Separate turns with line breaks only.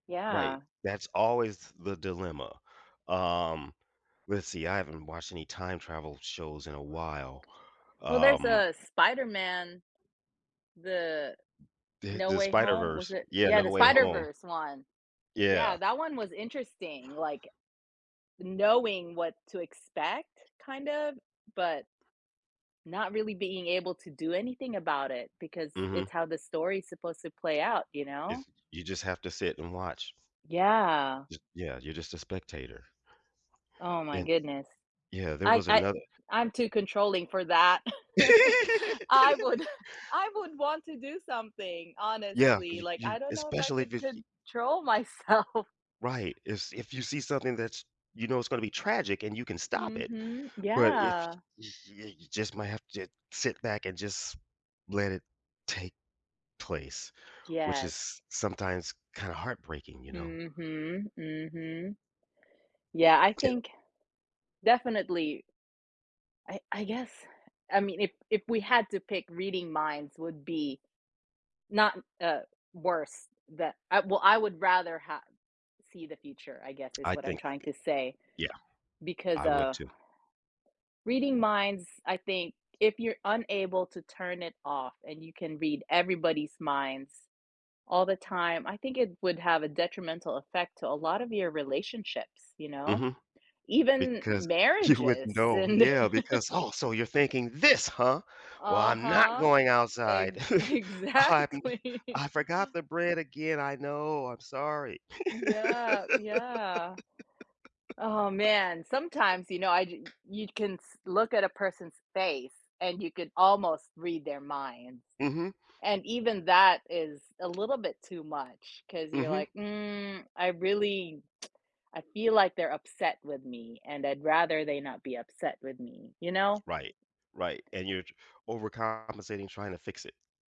Right,
Yeah.
that's always the dilemma, um, let's see, I haven't watched any time-travel shows in a while,
Well, there's
um
a Spider-Man, the
The
No
the
Way Home, was
Spider-Verse,
it
yeah,
yeah,
No
the
Way Home.
Spider-Verse one. Yeah,
Yeah.
that one was interesting, like, knowing what to expect, kind of, but not really being able to do anything about it because it's
Mhm.
how the story is supposed to play out, you know.
It's j you just have to sit and watch.
Yeah.
J yeah, you're just a spectator.
Oh my
An
goodness.
yeah, there
I
was
I
another
I'm too controlling for that. I would I would want to do something,
Yeah, c
honestly,
you
like
you
I don't know if I
especially
could
if it's y
control myself.
Right, if s if you see something that's, you know, it's gonna be tragic and you can stop it,
Mhm,
but y
yeah.
y y you just might have to sit back and just let it take place, which is
Yes.
s sometimes kind of heartbreaking, you know.
Mhm, mhm. Yeah, I
Yeah.
think, definitely I I guess, I mean, if if we had to pick reading minds would be not, uh, worse that I, well, I would rather h see the future, I guess is
I
what I'm
think
trying to say.
yeah,
Because,
I would
uh
too.
reading minds, I think, if you're unable to turn it off and you can read everybody's minds all the time, I think it would have a detrimental effect to a lot of your relationships, you know,
Mhm,
even
because you would
marriages
know,
and
yeah, because, oh, so you're thinking this, huh, well, I'm not
Uh-huh.
going outside.
E
I'm
exactly.
I forgot the bread again, I know, I'm sorry.
Yeah, yeah. Oh man, sometimes, you know, I j you can s look at a person's face and you can almost read their minds.
Mhm.
And even that is a little bit too much 'cause you're
Mhm.
like, mm, I really I feel like they're upset with me and I'd rather they not be upset with me, you know.
Right, right, and you're j overcompensating trying to fix it.